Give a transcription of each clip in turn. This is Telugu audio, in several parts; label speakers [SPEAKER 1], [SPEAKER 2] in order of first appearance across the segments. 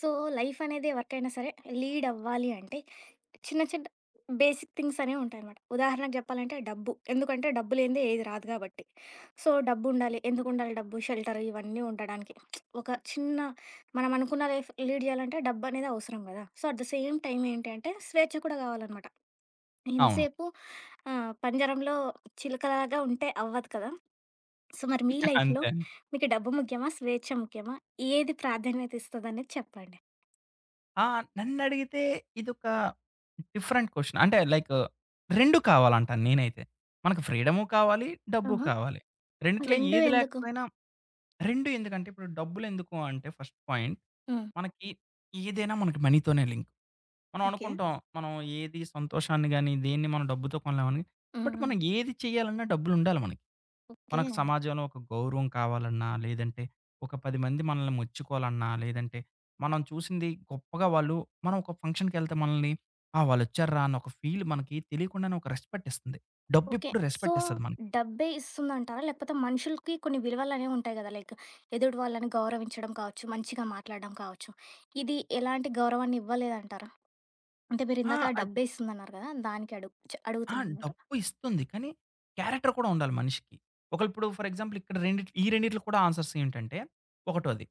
[SPEAKER 1] సో, లైఫ్ అనేది, ఎవరికైనా సరే లీడవ్వాలి అంటే, చిన్న చిన్న బేసిక్ థింగ్స్ అనేవి ఉంటాయనమాట. ఉదాహరణకు జెప్పాలంటే డబ్బు. ఎందుకంటే, డబ్బులేందే ఏది రాదు కాబట్టి. సో డబ్బు ఉండాలి. ఎందుకు ఉండాలి డబ్బు, షెల్టర్ ఇవన్నీ ఉండడానికి. ఒక చిన్న మనం అనుకున్న లైఫ్ లీడ్ జేయాలంటే, డబ్బు అనేది అవసరం కదా! So at the same time ఏంటి అంటే, స్వేచ్ఛ కూడా కావాలనమాట.
[SPEAKER 2] అవును.
[SPEAKER 1] ఎంతసేపు ఆహ్, పంజరంలో చిలుకలాగా ఉంటే అవ్వదు కదా! సో మరి, మీ లైఫ్‌లో
[SPEAKER 2] అంతేండి
[SPEAKER 1] మీకు డబ్బు ముఖ్యమా? స్వేచ్ఛ ముఖ్యమా? ఏది ప్రాధాన్యత ఇస్తదనేది అనేది చెప్పండి.
[SPEAKER 2] ఆ! నన్నడిగితే ఇదొక డిఫరెంట్ క్వశ్చన్. అంటే, లైకు రెండూ కావాలంటాను నేనైతే. మనకి ఫ్రీడము కావాలి, డబ్బు
[SPEAKER 1] ఆహా!
[SPEAKER 2] కావాలి. రెండిట్లో
[SPEAKER 1] రెండూ
[SPEAKER 2] ఏది
[SPEAKER 1] ఎందుకు?
[SPEAKER 2] లేకపోయినా రెండూ ఎందుకంటే, ఇప్పుడు డబ్బులెందుకు అంటే ఫస్ట్ పాయింట్
[SPEAKER 1] హ్మ్.
[SPEAKER 2] మనకి ఏదైనా, మనకి మనీతోనే లింక్. మనం
[SPEAKER 1] ఓకే.
[SPEAKER 2] అనుకుంటాం, మనం ఏది సంతోషాన్ని గాని, దేన్ని మనం డబ్బుతో కొనలేమని.
[SPEAKER 1] హ్మ్.
[SPEAKER 2] బట్,
[SPEAKER 1] హ్మ్.
[SPEAKER 2] మనం ఏది చేయాలన్నా డబ్బులుండాలి మనకి.
[SPEAKER 1] ఓకే.
[SPEAKER 2] మనకు సమాజంలో ఒక గౌరవం కావాలన్నా, లేదంటే ఒక 10 మంది మనల్ని మెచ్చుకోవాలన్నా, లేదంటే మనం చూసింది గొప్పగా వాళ్ళు, మనం ఒక ఫంక్షన్‌కెళ్తే మనల్ని, ఆ! వాళ్ళొచ్చార్రా అని ఒక ఫీల్ మనకి తెలియకుండానే ఒక రెస్పెక్ట్ ఇస్తుంది.
[SPEAKER 1] ఓకే.
[SPEAKER 2] డబ్బెప్పుడు,
[SPEAKER 1] సో
[SPEAKER 2] రెస్పెక్టిస్తది మనకి.
[SPEAKER 1] డబ్బే ఇస్తుందంటారా? లేకపోతే, మనుషులకి కొన్ని విలువలనేవి ఉంటాయి గదా! లైక్ ఎదుటు వాళ్ళను గౌరవించడం కావచ్చు, మంచిగా మాట్లాడడం కావచ్చు. ఇది ఎలాంటి గౌరవాన్ని ఇవ్వలేదంటారా? అంటే,
[SPEAKER 2] ఆ!
[SPEAKER 1] మీరిందాక ఆ
[SPEAKER 2] అది
[SPEAKER 1] డబ్బేస్తుందన్నారు కదా! దానికి అడుగు చ్
[SPEAKER 2] ఆ!
[SPEAKER 1] అడుగుతుందనమాట.
[SPEAKER 2] డబ్బు ఇస్తుంది కానీ, క్యారెక్టర్ కూడా ఉండాలి మనిషికి. ఒకల్ అప్పుడు ఫర్ ఎగ్జాపుల్ ఇక్కడ రెండిట్ ఈ రెండిటిలో కూడా ఆన్సర్స్ ఏంటంటే. ఒకటోది,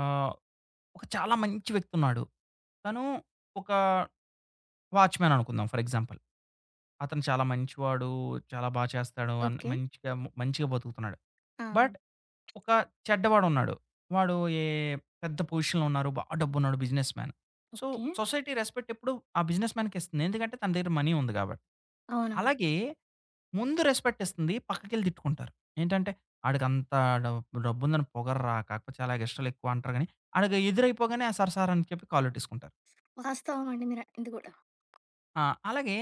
[SPEAKER 2] ఆహ్, ఒక చాలా మంచి వ్యక్తి ఉన్నాడు. తను ఒకా, వాచ్‌మెన్ అనుకుందాం ఫర్ ఎగ్జాంపుల్. అతను చాలా మంచివాడు, చాలా బా చేస్తాడు. అన్
[SPEAKER 1] ఓకే.
[SPEAKER 2] మంచిగా మంచిగా బతుకుతున్నాడు.
[SPEAKER 1] ఆ! ఆ!
[SPEAKER 2] బట్, ఒక చెడ్డవాడున్నాడు. వాడు ఏ పెద్ద పొజిషన్‌లో ఉన్నారు, బాగా డబ్బు ఉన్నోడు. Businessman. So
[SPEAKER 1] okay.
[SPEAKER 2] Society respect ఎప్పుడు ఆ బిజినెస్‌మ్యాన్‌కి ఇస్తుంది. ఎందుకంటే, తన దగ్గర మనీ ఉంది కాబట్టి.
[SPEAKER 1] అవునవును.
[SPEAKER 2] అలాగే, ముందు రెస్పెక్టిస్తుంది, పక్కకెళ్ళి తిట్టుకుంటారు. ఏంటంటే, ఆడికి అంతా డబ్ డబ్బుందని పొగర్రా కాకపోతే చాలా ఎగస్ట్రాలు ఎక్కువ అంటారు గాని, ఆడికి ఎదురైపోగానే, ఆ సార్ సార్ అని చెప్పి కాళ్లట్టేసుకుంటారు.
[SPEAKER 1] వాస్తవం అండి మీరనింది గూడా.
[SPEAKER 2] ఆ! అలాగే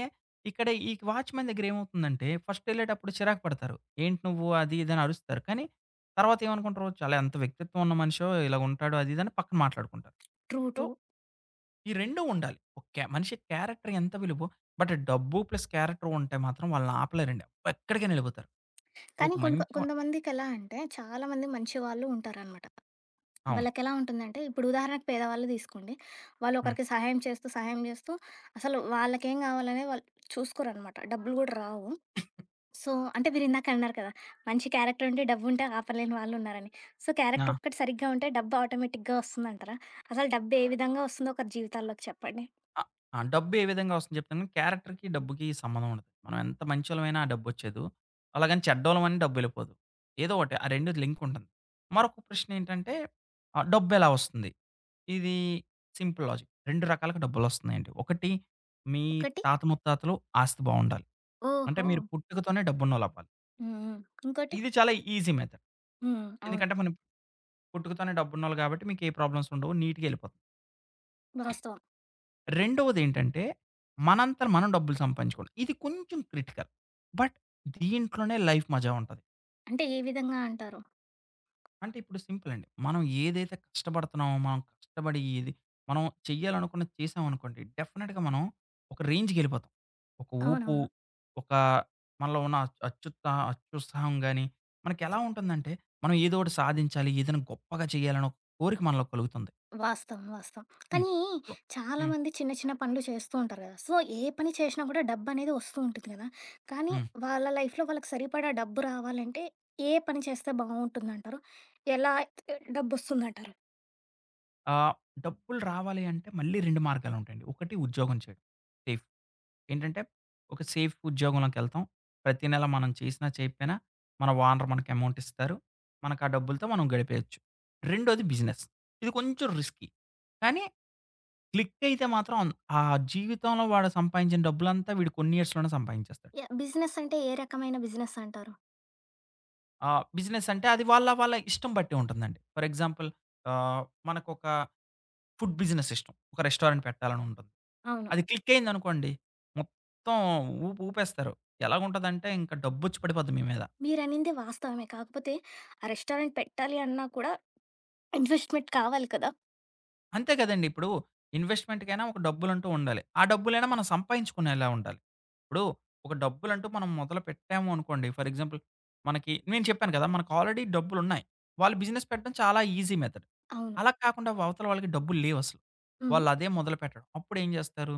[SPEAKER 2] ఇక్కడ ఈ వాచ్‌మెన్ దగ్గరేమవుతుందంటే ఫస్ట్ వెళ్ళేటప్పుడు చిరాకు పడతారు. ఏంటి నువ్వు అది ఇదని అరుస్తారు కానీ, తర్వాతేమనుకుంటారు చాలా ఎంత వ్యక్తిత్వం ఉన్న మనిషో ఇలాగుంటాడు అది ఇదని పక్కన మాట్లాడుకుంటారు.
[SPEAKER 1] True,
[SPEAKER 2] so,
[SPEAKER 1] true.
[SPEAKER 2] ఈ రెండు ఉండాలి. ఓకే, మనిషి క్యారెక్టర్ ఎంత విలువో బట్ డబ్బు ప్లస్ క్యారెక్టర్ ఉంటే మాత్రం వాళ్ళనాపలేరండి. వాళ్లెక్కడికైనా వెళ్ళిపోతారు.
[SPEAKER 1] కానీ
[SPEAKER 2] ఒక
[SPEAKER 1] కొన్ని కొ
[SPEAKER 2] మంచి మ
[SPEAKER 1] కొంతమందికెలా అంటే చాలామంది మంచి వాళ్ళు ఉంటారనమాట.
[SPEAKER 2] అవును.
[SPEAKER 1] వాళ్లకెలా ఉంటుందంటే ఇప్పుడు ఉదాహరణకు పేదవాళ్ళు తీసుకోండి.
[SPEAKER 2] హ్మ్.
[SPEAKER 1] వాళ్లొకరికి సహాయం చేస్తూ, సహాయం చేస్తూ అసలు వాళ్ళకేం కావాలనేది వాళ్ళు చూసుకోరనమాట. డబ్బులు కూడా రావు. సో, అంటే మీరిందాక అన్నారు కదా! మంచి క్యారెక్టర్ ఉంటే, డబ్బు ఉంటే ఆపలేని వాళ్ళున్నారని. సో, క్యారెక్టర్
[SPEAKER 2] ఆ!
[SPEAKER 1] ఒక్కటి సరిగ్గా ఉంటే డబ్బు ఆటోమేటిక్‌గా వస్తుందంటారా? అసలు డబ్బు ఏ విధంగా వస్తుందో ఒకరి జీవితాల్లోకి చెప్పండి.
[SPEAKER 2] అ ఆ! డబ్బు ఏ విధంగా వస్తుంది చెప్తాను, క్యారెక్టర్‌కి డబ్బుకి సంబంధం ఉండది. మనం ఎంత మంచోళ్ళమైనా ఆ డబ్బు వచ్చేదు. అలాగని చెడ్డవాళ్ళమని డబ్బెళ్ళిపోదు. ఏదో ఒకటి ఆ రెండు లింక్ ఉంటుంది. మరొక ప్రశ్న ఏంటంటే ఆహ్, డబ్బెలా వొస్తుంది? ఇది. సింపుల్ లాజిక్ 2 రకాలుగా డబ్బులొస్తున్నాయండి. ఒకటి మీ
[SPEAKER 1] ఒకటి!
[SPEAKER 2] తాత ముత్తాతలు ఆస్తి బావుండాలి. అంటే మీరు
[SPEAKER 1] ఓహో!
[SPEAKER 2] పుట్టుకతోనే డబ్బున్నోళ్ళవ్వాలి.
[SPEAKER 1] హుహు. ఇంకోటి?
[SPEAKER 2] ఇది చాలా ఈజీ మెథడ్.
[SPEAKER 1] హ్మ్. అవును.
[SPEAKER 2] ఎందుకంటే, మనం పట్టుకుతోనే డబ్బున్నోళ్ళు కాబట్టి, మీకు ఏ ప్రాబ్లమ్సుండవు నీట్‌గెళ్ళిపో
[SPEAKER 1] వాస్తవం.
[SPEAKER 2] రెండోదేంటంటే, మనంతర మనం డబ్బులు సంపాదించుకోవం. ఇది కొంచెం క్రిటికల్. బట్ దీంట్లోనే లైఫ్ మజా ఉంటది.
[SPEAKER 1] అంటే, ఏ విధంగా అంటారు?
[SPEAKER 2] అంటే, ఇప్పుడు సింపులండి. మనం ఏదైతే కష్టపడుతున్నామో మనం కష్టపడి ఏది మనం చేయాలనుకున్నది చేశామనుకోండి, డెఫనిట్‌గా మనం, ఒక రేంజ్‌కెళ్ళిపోతాం. ఒక ఊపు,
[SPEAKER 1] అవునవును.
[SPEAKER 2] ఒకా మనలో ఉన్న అ అత్యుత్సా అత్యుత్సాహం గాని, మనకెలా ఉంటుందంటే, మనం ఏదో ఓటి సాధించాలి, ఏదైనా గొప్పగా చేయాలనే ఒక కోరిక మనలో కలుగుతుంది.
[SPEAKER 1] వాస్తవం, వాస్తవం.
[SPEAKER 2] హ్మ్.
[SPEAKER 1] కానీ
[SPEAKER 2] సో హ్మ్.
[SPEAKER 1] చాలామంది చిన్న చిన్న పనులు చేస్తూ ఉంటారు కదా! సో, ఏ పని చేశినా కూడా డబ్బు అనేది వస్తూ ఉంటుంది కదా. కానీ
[SPEAKER 2] హ్మ్.
[SPEAKER 1] వాళ్ళ లైఫ్‌లో వాళ్ళకి సరిపడా డబ్బు రావాలంటే ఏ ఏ పని చేస్తే బావుంటుందంటారు? ఎలా డబ్బొస్తుందంటారు?
[SPEAKER 2] ఆ! డబ్బులు రావాలి అంటే మళ్ళీ 2 మార్గాలుంటాయండి. ఒకటి ఉద్యోగం చేయడం, సేఫ్. ఏంటంటే, ఒక సేఫ్ ఉద్యోగంలోకెళ్తాం. ప్రతి నెల మనం చేసినా, చెయకపోయినా, మన ఓనరు మనకి అమౌంటిస్తారు. మనకు ఆ డబ్బులతో మనం గడిపేయొచ్చు. రెండోది బిజినెస్. ఇది కొంచెం రిస్కి. కానీ, క్లికయితే మాత్రం ఆన్ ఆ జీవితంలో వాళ్ళ సంపాదించిన డబ్బులంతా వీడు కొన్ని ఇయర్స్‌లోనే సంపాదించేస్తాడు.
[SPEAKER 1] యాహ్! బిజినెసంటే, ఏ రకమైన బిజినెసంటారు?
[SPEAKER 2] ఆహ్, బిజినెస్సంటే అది వాళ్ళ, వాళ్ళ ఇష్టం బట్టి ఉంటుందండి. ఫర్ ఎగ్జాంపుల్ ఆహ్, మనకొక ఫుడ్ బిజినెసిష్టం. ఒక రెస్టారెంట్ పెట్టాలని ఉంటుంది.
[SPEAKER 1] అవును.
[SPEAKER 2] అది క్లిక్కయిందనుకోండి, మొత్తం ఊపు ఊపేస్తారు. ఎలాగుంటదంటే ఇంక డబ్బొచ్చి పడిపోద్ది మీ మీద.
[SPEAKER 1] మీరనింది వాస్తవమే. కాకపోతే ఆ రెస్టారెంట్ పెట్టాలి అన్నా కూడా ఇన్వెస్ట్‌మెంట్‌ కావాలి కదా!
[SPEAKER 2] అంతే కదండీ ఇప్పుడు ఇన్వెస్ట్‌మెంట్‌కైనా ఒక డబ్బులంటూ ఉండాలి. ఆ డబ్బులైనా మనం సంపాయించుకునేలా ఉండాలి. ఇప్పుడు ఒక డబ్బులంటూ మనం మొదలుపెట్టామూ అనుకోండి. ఫర్ ఎగ్జాంపుల్ మనకి నేను చెప్పాను కదా! మనకు ఆల్రెడీ డబ్బులున్నాయి. వాళ్ళు బిజినెస్ పెట్టడం చాలా ఈజీ మెథడ్.
[SPEAKER 1] అవును.
[SPEAKER 2] అలా కాకుండా వ అవతల వాళ్ళకి డబ్బులు లేవసలు.
[SPEAKER 1] హ్మ్.
[SPEAKER 2] వాళ్ళదే మొదలుపెట్టాడం. అప్పుడేం చేస్తారు?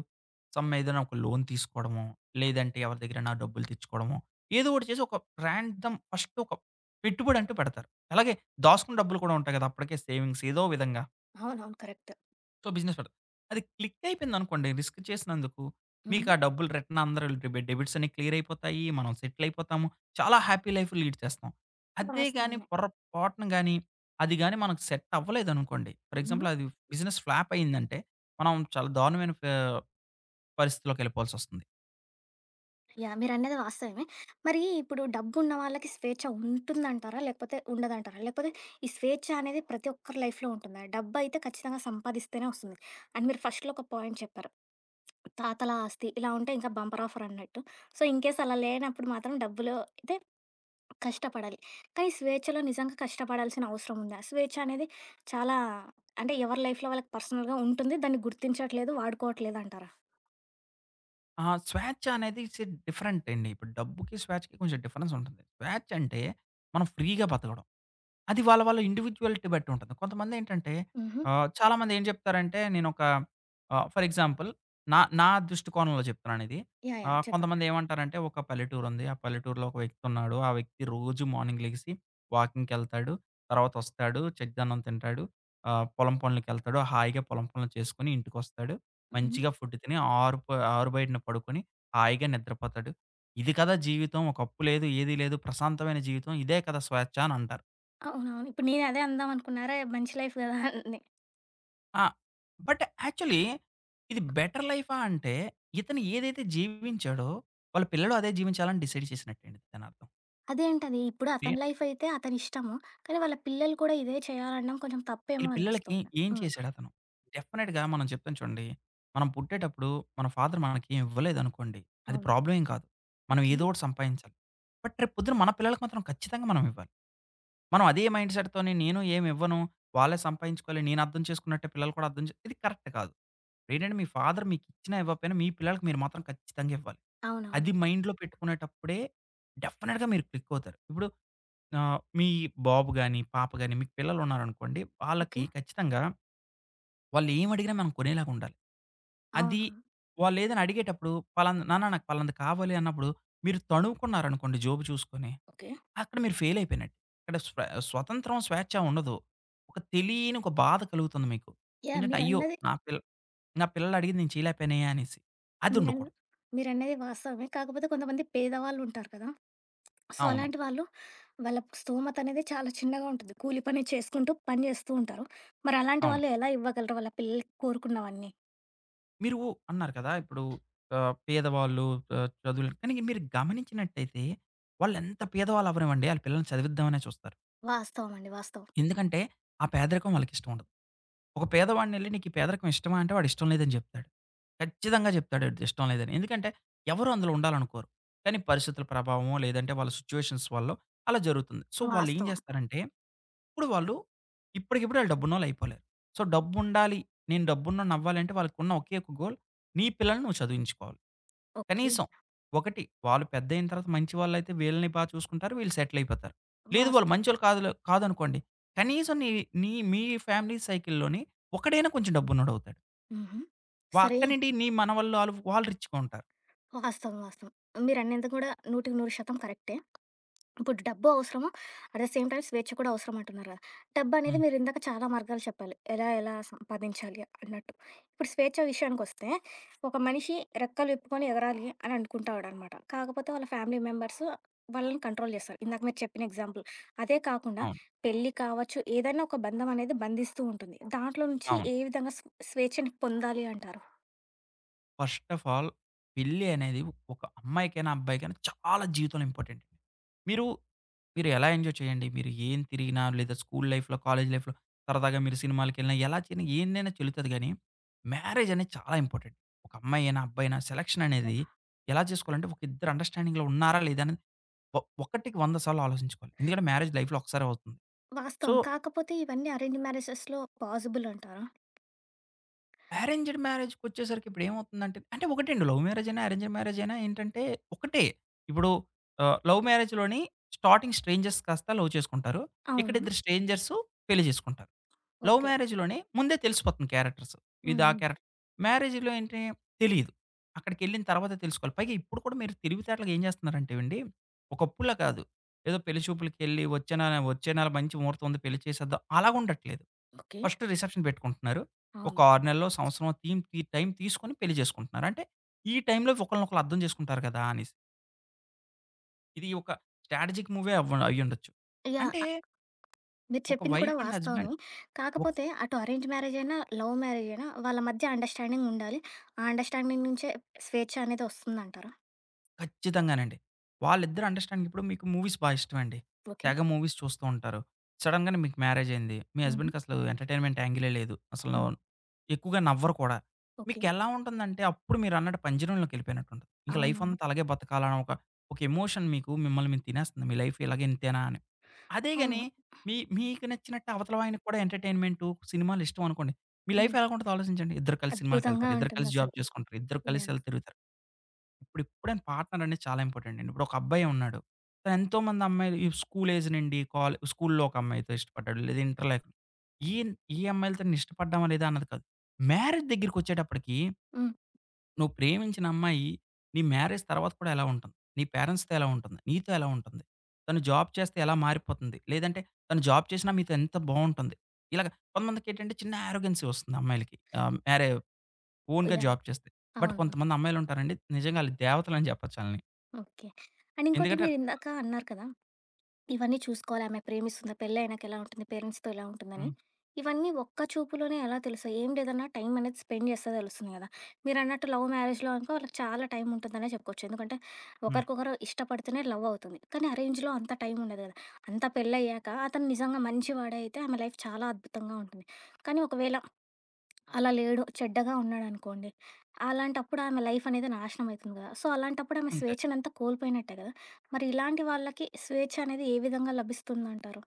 [SPEAKER 2] సమ్ ఏదైన ఒక లోన్ తీసుకోడమో, లేదంటే ఎవరి దగ్గరైనా డబ్బులు తెచ్చుకోడమో, ఏదో ఒకటి చేసి ఒక ర్యాండమ్ ఫస్టొక పెట్టుబడంటూ పెడతారు. అలాగే దాసుకుని డబ్బులు కూడా ఉంటాయి కదా! అప్పటికే సేవింగ్స్ ఏదో విధంగా.
[SPEAKER 1] అవునవును. కరెక్ట్.
[SPEAKER 2] సో, బిజినెస్ పడు అది క్లిక్కయిపోయిందనుకోండి రిస్క్ చేసినందుకు, మీకు
[SPEAKER 1] హ్మ్.
[SPEAKER 2] ఆ డబ్బులు రిటర్న్ అందరె డెబిట్సన్నీ క్లియర్ అయిపోతాయి, మనం సెటిలయిపోతాము. చాలా హ్యాపీ లైఫ్ లీడ్ చేస్తాం. అదే గాని
[SPEAKER 1] వాస్తవమే.
[SPEAKER 2] పొరపాటున గాని, అది గాని మనకు సెట్టవ్వలేదనుకోండి, ఫర్
[SPEAKER 1] అవునా!
[SPEAKER 2] ఎగ్జాంపుల్ అది బిజినెస్ ఫ్లాప్ అయిందంటే మనం చాలా దారుణమైన ఫే పరిస్థితిలోకెళ్ళిపోవాల్సొస్తుంది.
[SPEAKER 1] యాహ్! మీరన్నది వాస్తవమే. మరీ ఇప్పుడు డబ్బున్న వాళ్ళకి స్వేచ్ఛ ఉంటుందంటారా? లేకపోతే ఉండదంటారా? లేకపోతే ఈ స్వేచ్ఛ అనేది ప్రతి ఒక్కరి లైఫ్‌లో ఉంటుందా? డబ్బయితే ఖచ్చితంగా సంపాదిస్తేనే ఒస్తుంది. అండ్ మీరు ఫస్ట్‌లో ఒక పాయింట్ చెప్పారు. తాతల ఆస్తి ఇలా ఉంటే ఇంకా బంపర్ ఆఫర్ అన్నట్టు. సో, ఇన్‌కేస్ అలా లేనప్పుడు మాత్రం డబ్బులో అయితే కష్టపడాలి. కానీ స్వేచ్ఛలో నిజంగా కష్టపడాల్సిన అవసరం ఉందా? స్వేచ్ఛ అనేది చాలా అంటే, ఎవరి లైఫ్‌లో వాళ్ళకి పర్సనల్‌గా ఉంటుంది. దాన్ని గుర్తించట్లేదు వాడుకోట్లేదంటారా?
[SPEAKER 2] ఆ! స్వేచ్చ అనేది ఇట్స్ ఎ డిఫరెంట్ అండి. ఇప్పుడు డబ్బుకి స్వేచ్చ‌కి కొంచెం డిఫరెన్స్ ఉంటుంది. స్వేచ్చంటే, మనం ఫ్రీగా బతకడం. అది వాళ్ళ వాళ్ళ ఇండివిడ్యువ్యాలిటీ బట్టి వుంటది. కొంతమందేంటంటే
[SPEAKER 1] హుహు.
[SPEAKER 2] ఆహ్, చాలామందేం జెప్తారంటే నేనొక ఆ! ఫర్ ఎగ్జాంపుల్ నా నా దృష్టికోణంలో చెప్తున్నానిది.
[SPEAKER 1] యాహ్! యాహ్!
[SPEAKER 2] ఆహ్,
[SPEAKER 1] చెప్పండి.
[SPEAKER 2] కొంతమంది ఏమంటారంటే, ఒక పల్లెటూరుంది. ఆ పల్లెటూరులో ఒక వ్యక్తివున్నాడు. ఆ వ్యక్తి రోజు మార్నింగ్ లెగిసి, వాకింగ్‌కెళ్తాడు. తర్వాత ఒస్తాడు చద్డన్నం తింటాడు. ఆహ్, పొలం పొనులకెళ్తాడు. హాయిగా పొలం పొనులు చేసుకుని ఇంటికొస్తాడు.
[SPEAKER 1] హుహు.
[SPEAKER 2] మంచిగా ఫుడ్ తిని ఆరుప ఆరుబైటన పడుకుని హాయిగా నిద్రపోతాడు. ఇది కదా జీవితం. ఒక అప్పు లేదు. ఏది లేదు. ప్రశాంతమైన జీవితం ఇదే కదా స్వేచ్ఛ అనంటారు.
[SPEAKER 1] అవునవును. ఇప్పుడు నేనదే అందాంనుకున్నా. అరే! మంచి లైఫ్ కదా అని.
[SPEAKER 2] ఆ! బట్ యాక్చువల్లీ ఇది బెటర్ లైఫా? అంటే, ఇతను ఏదైతే జీవించాడో, వాళ్ళ పిల్లోడు అదే జీవించాలని డిసైడ్ చేసినట్టేండి దానర్థం.
[SPEAKER 1] అదేంటది? ఇప్పుడు
[SPEAKER 2] ఏ
[SPEAKER 1] అతని లైఫైయితే అతని ఇష్టము. కానీ, వాళ్ళ పిల్లలు కూడా ఇదే చేయాలనడం కొంచెం తప్పేమో
[SPEAKER 2] ఈళ్ళు పిల్లలకి
[SPEAKER 1] అనిపిస్తోంది.
[SPEAKER 2] ఏం
[SPEAKER 1] హ్మ్.
[SPEAKER 2] చేసాడతను? డెఫినెట్‌గా మనం చెప్తాం చూడండి. మనం పుట్టేటప్పుడు మన ఫాదర్ మనకేమి ఇవ్వలేదనుకోండి, అది
[SPEAKER 1] అవును.
[SPEAKER 2] ప్రాబ్లమేం కాదు. మనం
[SPEAKER 1] ఓకే.
[SPEAKER 2] ఏదోటి సంపాదించాలి. బట్ రేపు పొద్దున మన పిల్లలకి మాత్రం ఖచ్చితంగా మనమివ్వాలి. మనం అదే మైండ్ సెట్‌తోని నేను ఏమివ్వను. వాళ్ళే సంపాదించుకోవాలి. నేను అర్థం చేసుకున్నట్టే, పిల్లలు కూడా అర్థం చే ఇది కరెక్ట్ కాదు. ఏంటంటే మీ ఫాదర్ మీకిచ్చినా ఇవ్వపోయినా, మీ పిల్లలకి మీరు మాత్రం ఖచ్చితంగివ్వాలి.
[SPEAKER 1] అవునవును.
[SPEAKER 2] అది మైండ్‌లో పెట్టుకునేటప్పుడే, డెఫినెట్‌గా మీరు క్లికవుతారు. ఇప్పుడు ఆహ్, మీ బాబు గాని, పాప గాని మీకు పిల్లలుంన్నారనుకోండి, వాళ్ళకి
[SPEAKER 1] ఓకే.
[SPEAKER 2] ఖచ్చితంగా, వాళ్ళేం అడిగినా మనం కొనేలాగుండాలి. అది
[SPEAKER 1] అవును.
[SPEAKER 2] వాళ్ళేదైనా అడిగేటప్పుడు ఫలాన "నాన్న నాకు పాలనది కావాలి" అన్నప్పుడు, మీరు తణువుకున్నారనుకోండి జేబు చూసుకొని,
[SPEAKER 1] ఓకే.
[SPEAKER 2] అక్కడ మీరు ఫెయిలైయిపోయినట్టు. అక్కడ స్వ స్వతంత్రం స్వేచ్ఛ ఉండదు, ఒక తెలియని ఒక బాధ కలుగుతుంది మీకు.
[SPEAKER 1] యాహ్!
[SPEAKER 2] ఏంటంటే అయ్యో!
[SPEAKER 1] మీరన్నది...
[SPEAKER 2] నా పిల్ నా పిల్లలు అడిగింది నేను చయలేకపోయనే అనేసి,
[SPEAKER 1] మీరన్
[SPEAKER 2] అదుండకూడదు.
[SPEAKER 1] మీరన్నది వాస్తవమే. కాకపోతే కొంతమంది పేదవాళ్ళుంటారు కదా! సో
[SPEAKER 2] అవును.
[SPEAKER 1] అలాంటి వాళ్ళు, వాళ్ళ స్థమతనేదే చాలా చిన్నగా ఉంటది. కూలి పని చేసుకుంటూ పని జేస్తూ ఉంటారు. మరి అలాంటి
[SPEAKER 2] అవును.
[SPEAKER 1] వాళ్ళు ఎలా ఇవ్వగలరు? వాళ్ళ పిల్లలకి కోరుకున్నవన్నీ?
[SPEAKER 2] మీరు అన్నారు కదా! ఇప్పుడు ఆహ్, పేదవాళ్ళు ఆహ్, చదువులు కానీ మీరు గమనించినట్టయితే, వాళ్లెంత పేదవాళ్ళవ్వనివ్వండి ఆళ్ళ పిల్లల్ని చదివిద్దామనే చూస్తారు.
[SPEAKER 1] వాస్తవం అండి. వాస్తవం.
[SPEAKER 2] ఎందుకంటే ఆ పేదరికం వాళ్ళకిష్టం ఉండదు. ఒక పేదవాడినెళ్ళి నీకీ పేదరికం ఇష్టమా? అంటే వాడిష్టం లేదని చెప్తాడు. ఖచ్చితంగా చెప్తాడు ఇష్టం లేదని. ఎందుకంటే ఎవరు అందులో ఉండాలనుకోరు. కానీ పరిస్థితుల ప్రభావమో లేదంటే, వాళ్ళ సిట్యుయేషన్స్ వల్లో అలా జరుగుతుంది. సో, వాళ్లెం
[SPEAKER 1] వాస్తవం.
[SPEAKER 2] చేస్తారంటే, ఇప్పుడు వాళ్ళు ఇప్పటికిప్పుడు వాళ్ళ డబ్బున్నోళ్ళయిపోలేరు. సో, డబ్బుండాలి. నేను డబ్బున్నోడినవ్వాలంటే వాళ్ళకున్న ఒకే ఒక్క గోల్ నీ పిల్లలని నువ్వు చదివించుకోవాలి.
[SPEAKER 1] ఓకే.
[SPEAKER 2] కనీసం, ఒకటి వాళ్ళు పెద్దయిన తర్వాత మంచి వాళ్ళైతే వీళ్ళని బాగా చూసుకుంటారు. వీళ్ళు సెటిలయిపోతారు. లేదు వాళ్ళు
[SPEAKER 1] వాస్తవం.
[SPEAKER 2] మంచోళ్ళు కాదులే కాదనుకోండి, కనీసం నీ నీ మీ ఫ్యామిలీ సైకిల్ లోని ఒకడైనా కొంచెం డబ్బున్నోడవుతాడు.
[SPEAKER 1] హుహు.
[SPEAKER 2] పక్క
[SPEAKER 1] సరే
[SPEAKER 2] నుండి నీ మనవళ్లు ఆళ్ళు, వాళ్ళు రిచ్‌గా ఉంటారు.
[SPEAKER 1] వాస్తవం, వాస్తవం. మీరనింది కూడా నూటికి నూరు శాతం కరెక్టే. ఇప్పుడు డబ్బు అవసరం. అట్ ద సేమ్ టైమ్ స్వేచ్ఛ కూడా అవసరం అంటున్నారు కదా! డబ్బనేది
[SPEAKER 2] హ్మ్.
[SPEAKER 1] మీరిందాక చాలా మార్గాలు చెప్పాలి. ఎలా ఎలా సంపాదించాలి అన్నట్టు. ఇప్పుడు స్వేచ్ఛ విషయానికొస్తే, ఒక మనిషి రెక్కలు విప్పుకొని ఎగరాలి అనుకుంటాడనమాట. కాకపోతే వాళ్ళ ఫ్యామిలీ మెంబర్స్ వాళ్ళని కంట్రోల్ చేస్తరు. ఇందాక మీరు చెప్పిన ఎగ్జాంపుల్. అదే కాకుండా
[SPEAKER 2] అవును.
[SPEAKER 1] పెళ్లి కావచ్చు, ఏదైనా ఒక బంధం అనేది బంధిస్తూ ఉంటుంది. దాంట్లో నుంచి
[SPEAKER 2] అవును.
[SPEAKER 1] ఏ విధంగా స్ స్వేచ్ఛని పొందాలి అంటారు?
[SPEAKER 2] ఫస్ట్ ఆఫ్ ఆల్ పెళ్లి అనేది ఒక అమ్మాయికైన, అబ్బాయికైన, చాలా జీవితంలో ఇంపార్టెంట్. మీరు, మీరు ఎలా ఎంజాయ్ చేయండి, మీరు ఏం తిరిగినా, లేదా స్కూల్ లైఫ్‌లో, కాలేజీ‌ లైఫ్‌లో సరదాగా మీరు సినిమాలకెళ్ళినా ఎలా చేసిన, ఏందైనా చెల్లుతది గానీ, మ్యారేజనేది చాలా ఇంపార్టెంట్. ఒక అమ్మాయి అయినా, అబ్బాయి అయినా
[SPEAKER 1] ఓకే.
[SPEAKER 2] సెలక్షననేది ఎలా జేసుకోవాలంటే, ఒక ఇద్దరు అండర్‌స్టా‌డింగ్‌లో ఉన్నారా లేదా అన్నది, ఒ ఒకటికి వంద సార్లు ఆలోచించుకోవాలి. ఎందుకంటే, మ్యారేజ్ లైఫ్‌లో ఒసారి అవుతుంది. సో
[SPEAKER 1] వాస్తవం. కాకపోతే, ఇవన్నీ అరేంజ్ మ్యారేజెస్‌లో పాజిబుల్ అంటారా?
[SPEAKER 2] అరేంజ్డ్ మ్యారేజ్‌కొచ్చేసరికి ఇప్పుడు ఏమవుతుందంటే- అంటే, ఒకటండి, లవ్ మ్యారేజయినా అరేంజ్డ్ మ్యారేజయినా ఏంటంటే ఒకటే. ఇప్పుడు ఆహ్, లవ్ మ్యారేజ్‌లోని స్టార్టింగ్ స్ట్రేంజెస్ కాస్త లవ్ చేసుకుంటారు. ఇక్కడి
[SPEAKER 1] అవును.
[SPEAKER 2] ఇద్దరు స్ట్రేంజర్స్ పెళ్లి చేసుకుంటారు. Love
[SPEAKER 1] okay.
[SPEAKER 2] మ్యారేజ్‌లోనే ముందే తెలిసిపోతుంది క్యారెక్టర్స్.
[SPEAKER 1] హ్మ్, హ్మ్,
[SPEAKER 2] ఇదా ఆ
[SPEAKER 1] హ్మ్.
[SPEAKER 2] క్యారెక్టర్. మ్యారేజ్‌లో ఏంటి తెలీదు. అక్కడికెళ్ళిన తర్వాతే తెలుసుకోవాలి. పైగా ఇప్పుడు కూడా మీరు తెలివితేటగా ఏం జేస్తున్నారంటేవండి, ఒకప్పుడల కాదు ఏదో పెళ్లి చూపులకెళ్ళి, ఒచ్చే నా వచ్చే నెల మంచి మహుర్తం ఉంది పెళ్లి చేసేద్దా అలాగా ఉండట్లేదు.
[SPEAKER 1] ఓకే.
[SPEAKER 2] ఫస్ట్ రిసెప్షన్ పెట్టుకుంటున్నారు, ఒక
[SPEAKER 1] అవును.
[SPEAKER 2] 6 నెలలో, సంవత్సరమొ తీమ్ తీ టైం తీసుకొని పెళ్లి చేసుకుంటున్నారు. అంటే, ఈ టైం‌లో ఒకళ్ళని ఒకకళ్ళ అర్థం జేసుకుంటారు కదా! అనేసి. ఇది ఒక స్ట్రాటజిక్ మూవే అవ్వ అయ్యుండొచ్చు.
[SPEAKER 1] యాహ్!
[SPEAKER 2] అంటే
[SPEAKER 1] ఆహ్ మీరు
[SPEAKER 2] ఒక
[SPEAKER 1] చెప్పింది కూడా
[SPEAKER 2] వైఫ్ అండ్ హస్బండ్.
[SPEAKER 1] వాస్తవమే.
[SPEAKER 2] ఓ
[SPEAKER 1] కాకపోతే అటు అరేంజ్ మ్యారేజయినా, లవ్ మ్యారేజయినా వాళ్ళ మధ్య అండర్‌స్టా‌డింగుండాలి. ఆ అండర్‌స్టా‌డింగ్‌ నుంచే స్వేచ్ఛ అనేది ఒస్తుందంటారా?
[SPEAKER 2] ఖచ్చితంగానండి. వాళ్ళిద్దరు అండర్‌స్టా‌డింగిప్పుడు మీకు మూవీస్ బా ఇష్టమండి.
[SPEAKER 1] ఓకే.
[SPEAKER 2] తెగ మూవీస్ చూస్తూ ఉంటారు. సడెన్‌గానె మీకు మ్యారేజయింది. మీ
[SPEAKER 1] హుహు.
[SPEAKER 2] హస్బెండ్‌కి అసలు ఎంటర్టైన్మెంట్ యాంగిలే లేదు. అసలును
[SPEAKER 1] హ్మ్.
[SPEAKER 2] ఎక్కువగా నవ్వరు కూడా.
[SPEAKER 1] ఓకే.
[SPEAKER 2] మీకెలా ఉంటుందంటే, అప్పుడు మీరన్నట్టు పంజరంలోకెళ్ళిపోయినట్టు ఉంటది. ఇంక
[SPEAKER 1] అవునవును.
[SPEAKER 2] లైఫంత, అలాగే బతకాలన్న ఒక, ఒక ఎమోషన్ మీకు మిమ్మల్ని మిం తినేస్తుంది మీ లైఫిలాగే ఇంతేనా అని. అదేగాని,
[SPEAKER 1] అవును.
[SPEAKER 2] మీ మీకు నచ్చినట్టే అవతలవాయనకి కూడా ఎంటర్టైన్మెంటు, సినిమాలిష్టం అనుకోండి. మీ
[SPEAKER 1] హ్మ్.
[SPEAKER 2] లైఫెలాగుంటదొ ఆలోచించండి. ఇద్దరు కలిసి
[SPEAKER 1] అద్భుతంగా
[SPEAKER 2] సినిమాలకెళ్తారు. ఇద్దరు కలిసి
[SPEAKER 1] ఉంటుందసలు.
[SPEAKER 2] జాబ్ చేసుకుంటారు. ఇద్దరు కలిసి
[SPEAKER 1] యాహ్!
[SPEAKER 2] ఎళ్ళి తిరుగుతారు. ఇప్పుడు ఎప్పుడైన పార్ట్నరనేది చాలా ఇంపార్టెటండి. ఇప్పుడు ఒక అబ్బాయె ఉన్నాడు. తనెంతోమంది అమ్మాయి ఈ స్కూల్ ఏజ్ నుండి కాలే స్కూలులో ఒక అమ్మాయితో ఇష్టపడ్డాడు. లేదా ఇంటర్ లే ఈన్ ఈ అమ్మాయిలతోన్న ఇష్టపడ్డామా లేదా అన్నది కాదు. మ్యారేజ్ దగ్గరకొచ్చేటప్పటికి.
[SPEAKER 1] హ్మ్.
[SPEAKER 2] నువ్వు ప్రేమించిన అమ్మాయి. నీ మ్యారేజ్ తర్వాత కూడా ఎలా ఉంటుంది? నీ పేరెంట్స్‌తో ఎలా ఉంటుంది? నీతో ఎలా ఉంటుంది? తను జాబ్ చేస్తే ఎలా మారిపోతుంది? లేదంటే తను జాబ్ చేసినా మీతో ఎంత బావుంటుంది? ఇలాగ కొంతమందికేంటంటే చిన్న యారోగెన్సీ వస్తుంది అమ్మాయిలకి. ఆహ్, మ్యారే ఓన్‌గా
[SPEAKER 1] యాహ్!
[SPEAKER 2] జాబ్ చేస్తే. బట్
[SPEAKER 1] అవును.
[SPEAKER 2] కొంతమంది అమ్మాయిలుంటారండి. నిజంగా ఆళ్ళు దేవతలని చెప్పొచ్చు ఆళ్ళని.
[SPEAKER 1] ఓకే. అండ్ ఇంకోటి,
[SPEAKER 2] ఎందుకంటే
[SPEAKER 1] మీరిందాక అన్నారు కదా! ఇవన్నీ చూసుకోవాలి ఆమె ప్రేమిస్తుంది. పెళ్ళ ఆయనకి ఎలా ఉంటుంది? పేరెంట్స్‌తో ఎలా ఉంటుందని.
[SPEAKER 2] హ్మ్.
[SPEAKER 1] ఇవన్నీ ఒక్క చూపులోనే ఎలా తెలుసయి ఏం లేదన్నా టైం అనేది స్పెండ్ చేస్తే తెలుస్తుంది గదా! మీరన్నట్టు లవ్ మ్యారేజ్‌లో అనుకో వాళ్ళకి చాలా టైం ఉంటుందనే చెప్పుకోవచ్చు. ఎందుకంటే,
[SPEAKER 2] హ్మ్.
[SPEAKER 1] ఒకరికొకరు ఇష్టపడితేనే లవ్ అవుతుంది. కానీ అరేంజ్‌లో అంత టైం ఉండదు గదా! అంత పెళ్లయ్యాక అతను నిజంగా మంచి వాడయితే, ఆమె లైఫ్ చాలా అద్భుతంగా ఉంటుంది. కానీ ఒకవేళ, అలా లేడు. చెడ్డగా ఉన్నాడనుకోండి. అలాంటప్పుడు ఆమె లైఫనేది నాశనమైతుంది గదా! సో, అలాంటప్పుడు ఆమె
[SPEAKER 2] అంతే.
[SPEAKER 1] స్వేచ్ఛనంతా కోల్పోయినట్టే గదా! మరి ఇలాంటి వాళ్ళకి స్వేచ్ఛ అనేది ఏ విధంగా లభిస్తుందంటారు?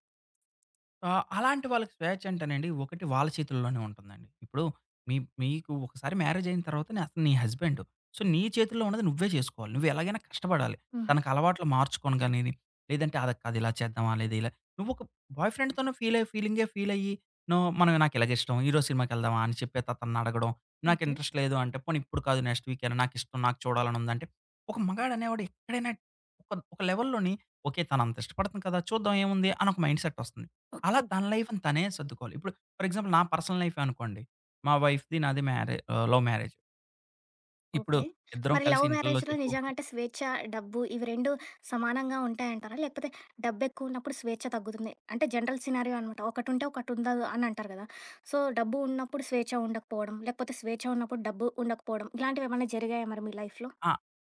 [SPEAKER 2] ఆ! అలాంటి వాళ్ళకి స్వేచ్చ అంటేనండి, ఒకటి వాళ్ళ చేతుల్లోనే ఉంటుందండి. ఇప్పుడు మీ మీకు ఒకసారి మ్యారేజ్ అయిన తర్వాత నే అతను నీ హస్బెండు. సో, నీ చేతుల్లో ఉన్నది నువ్వే చేసుకోవాలి. నువ్వెలాగైనా కష్టపడాలి.
[SPEAKER 1] హుహు.
[SPEAKER 2] తనకు అలవాట్లు మార్చుకోను గానిని, లేదంటే అలా కాదు ఇలా చేద్దామా! లేదా ఇలా నువ్వొక బాయ్ ఫ్రెండ్‌తోను ఫీల్ ఫీలింగే ఫీల్ అయ్యి, నువ్వు మనమ నాకు ఇలాగ ఇష్టం. ఈరోజు సినిమాకి వెళ్దామా? అని చెప్పేత అతన్ని అడగడం. నాకు
[SPEAKER 1] ఓకే.
[SPEAKER 2] ఇంట్రెస్ట్ లేదు అంటే, పోని ఇప్పుడు కాదు నెక్స్ట్ వీకైనా నాకు ఇష్టం నాకు చూడాలని ఉందంటే, ఒక మగాడ అనేవాడు ఎక్కడైనా ఒక ఒక లెవెల్‌లోని ఓకే, తను అంత ఇష్టపడుతుంది కదా! చూద్దాం ఏముంది అని ఒక మైండ్ సెట్ వస్తుంది. అలా
[SPEAKER 1] ఓకే.
[SPEAKER 2] తన లైఫ్‌ని తనే సర్దుకోవాలి. ఇప్పుడు ఫర్ ఎగ్జాంపుల్ నా పర్సనల్ లైఫే అనుకోండి. మా వైఫ్‌ది నాది మ్యారే ఆహ్, లవ్ మ్యారేజ్. ఇప్పుడు
[SPEAKER 1] ఓకే.
[SPEAKER 2] ఇద్దరం
[SPEAKER 1] మరి
[SPEAKER 2] కలిసి
[SPEAKER 1] లవ్
[SPEAKER 2] ఇంట్లల్లో
[SPEAKER 1] మ్యారేజ్‌లో
[SPEAKER 2] చెప్పు
[SPEAKER 1] నిజంగా అంటే స్వేచ్ఛ, డబ్బు ఇవి రెండూ సమానంగా ఉంటాయంటారా? లేకపోతే డబ్బు ఎక్కువున్నప్పుడు, స్వేచ్ఛ తగ్గుతుంది. అంటే జనరల్ సినారీయో అనమాట. ఒకటుంటే, ఒకటి ఉందదు అని అంటారు కదా! సో, డబ్బు ఉన్నప్పుడు స్వేచ్ఛ ఉండకపోవడం, లేకపోతే స్వేచ్ఛ ఉన్నప్పుడు డబ్బు ఉండకపోవడం. ఇలాంటివి ఏమన్నా జరిగాయా మరి మీ లైఫ్‌లో?
[SPEAKER 2] ఆ!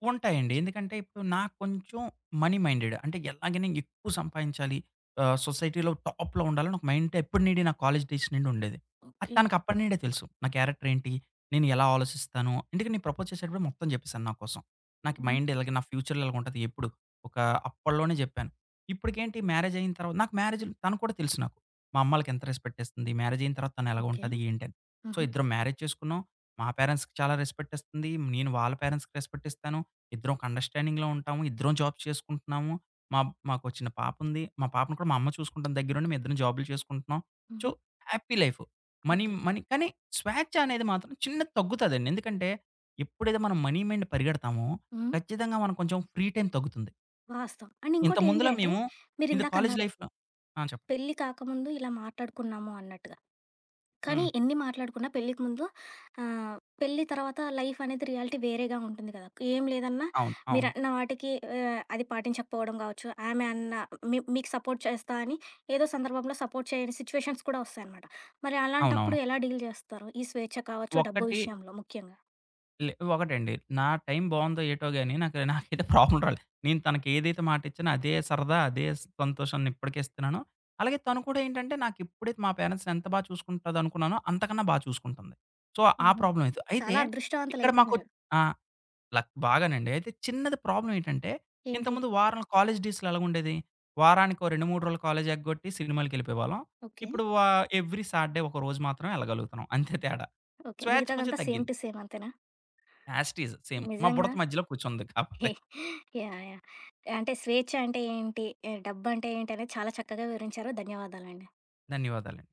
[SPEAKER 2] ఉంటాయండి. ఎందుకంటే ఇప్పుడు నాకు కొంచెం మనీ మైండెడ్. అంటే ఎలాగైనా ఎక్కువ సంపాదించాలి ఆహ్, సొసైటీలో టాప్‌లో ఉండాలి. నాకు మైండ్ ఎప్పటి నుండి నా కాలేజి డేస్ నుండి ఉండేది. అది
[SPEAKER 1] ఓకే.
[SPEAKER 2] తనకు అప్పటి నుండే తెలుసు. నా క్యారెక్టర్ ఏంటి? నేను ఎలా ఆలోచిస్తాను? ఎందుకంటే, నేను ప్రపోజ్ చేసేటప్పుడే మొత్తం చెప్పేసాను నా కోసం. నాకు
[SPEAKER 1] హ్మ్.
[SPEAKER 2] మైండ్ ఇలాగె, నా ఫ్యూచర్‌లో ఇలాగుంటది. ఎప్పుడు ఒక అప్పట్లోనే చెప్పాను. ఇప్పుటికేంటి మ్యారేజ్ అయిన తర్వా నాకు మ్యారేజులు తను కూడా తెలుసు నాకు. మా అమ్మలకి ఎంత రెస్పెక్ట్ ఇస్తుంది, మ్యారేజ్ అయిన తర్వాత
[SPEAKER 1] ఓకే.
[SPEAKER 2] ఎలాగుంటది? ఏంటని? సో,
[SPEAKER 1] హుహు.
[SPEAKER 2] ఇద్దరం మ్యారేజ్ చేసుకున్నాం. మా పేరెంట్స్‌కి చాలా రెస్పెక్టిస్తుంది, నేను వాళ్ళ పేరెంట్స్‌కి రెస్పెక్టిస్తాను. ఇద్దరం ఒక అండర్‌స్టాండింగ్‌లో ఉంటాము. ఇద్దరం జాబ్స్ చేసుకుంటున్నాము. మా మాకో చిన్న పాపుంది. మా పాపను కూడా మా అమ్మ చూసుకుంటాం దగ్గర ఉండి. మేమిద్దరం జాబులు చేసుకుంటున్నాం. సో,
[SPEAKER 1] హుహు.
[SPEAKER 2] Happy life. Money
[SPEAKER 1] okay.
[SPEAKER 2] Money కానీ స్వేచ్ఛ అనేది మాత్రం చిన్న తగ్గుతదండి. ఎందుకంటే, ఎప్పుడైతే మనం మనీ మెండ్ పరిగెడతామో,
[SPEAKER 1] హ్మ్.
[SPEAKER 2] ఖచ్చితంగా మనం కొంచెం ఫ్రీ టైమ్ తగ్గుతుంది.
[SPEAKER 1] వాస్తవం. అండ్ ఇంకోటి ఏంటి
[SPEAKER 2] ఇంతకుముందులా
[SPEAKER 1] అంటే,
[SPEAKER 2] మేము, ఇది కాలేజు
[SPEAKER 1] మీరిందాకన్నారు?
[SPEAKER 2] లైఫ్‌లో ఆ! చెప్పండి.
[SPEAKER 1] పెళ్లి కాకముందు ఇలా మాట్లాడుకున్నాము అన్నట్టుగా. కానీ
[SPEAKER 2] హ్మ్.
[SPEAKER 1] ఎన్ని మాట్లాడుకున్నా పెళ్లికి ముందు ఆహ్, పెళ్లి తర్వాత లైఫ్ అనేది రియాలిటీ వేరేగా ఉంటుంది కదా! ఏం లేదన్నా
[SPEAKER 2] అవును. అవును.
[SPEAKER 1] మీరన్న వాటికి ఆహ్, అది పాటించకపోవడం కావచ్చు. ఆమె అన్నా మీ మీకు సపోర్ట్ చేస్తా అని ఏదో సందర్భంలో సపోర్ట్ చేయని సిట్యుయేషన్స్ కూడా వస్తాయన్నమాట. మరి
[SPEAKER 2] అవునవును.
[SPEAKER 1] అలాంటప్పుడు ఎలా డీల్ చేస్తారు? ఈ స్వేచ్ఛ కావచ్చు, డబ్బు
[SPEAKER 2] ఒకటి
[SPEAKER 1] విషయంలో ముఖ్యంగా.
[SPEAKER 2] లే, ఒకటండి. నా టైం బావుందో ఏటో గాని నాకు, నాకైతే ప్రాబ్లమ్ రాలేదు. నేను తనకేదైతే మాటిచ్చానో అదే సరదా, అదే సంతోషాన్ని ఇప్పటికీ ఇస్తున్నాను. అలాగే తను కూడా ఏంటంటే నాకెప్పుడైతే మా పేరెంట్స్‌ని ఎంత బాగా చూసుకుంటదనుకున్నానో అంతకన్నా బాగా చూసుకుంటుంది. సో, ఆ
[SPEAKER 1] హుహు.
[SPEAKER 2] ప్రాబ్లమ్ అయిత అయితే,
[SPEAKER 1] చాలా
[SPEAKER 2] ఇక్కడ
[SPEAKER 1] అదృష్టవంతులయితే
[SPEAKER 2] మాకొ
[SPEAKER 1] మీరు.
[SPEAKER 2] ఆ! లక్ బాగానండి. అయితే చిన్నది ప్రాబ్లమ్ ఏంటంటే,
[SPEAKER 1] ఏంటి?
[SPEAKER 2] ఇంతకుముందు వారం కాలేజ్ డేస్‌లో ఎలాగుండేది. వారాకో 2, 3 రోజులు కాలేజ్లేగొట్టి సినిమాలకిెళ్ళిపోయేవాళ్ళం.
[SPEAKER 1] ఓకే.
[SPEAKER 2] ఇప్పుడు వా ఎవ్రీ సాటర్‌డే ఒక రోజు మాత్రమే ఎళ్ళగలుగుతున్నాం, అంతే తేడా.
[SPEAKER 1] ఓకే.
[SPEAKER 2] స్వేచ్ఛ కొంచెం
[SPEAKER 1] మిగతాదంతా సేమ్
[SPEAKER 2] తగ్గింది.
[SPEAKER 1] టు సేమ్ అంతేనా?
[SPEAKER 2] As it is, same. మా
[SPEAKER 1] నిజంగా
[SPEAKER 2] బుడత మధ్యలో కూర్చుంది కాకపోతే.
[SPEAKER 1] యాహ్! యాహ్! అంటే, స్వేచ్ఛ అంటే ఏంటి, ఆహ్, డబ్బంటే ఏంటి అనేది చాలా చక్కగా వివరించారు. ధన్యవాదాలండి.
[SPEAKER 2] ధన్యవాదాలండి.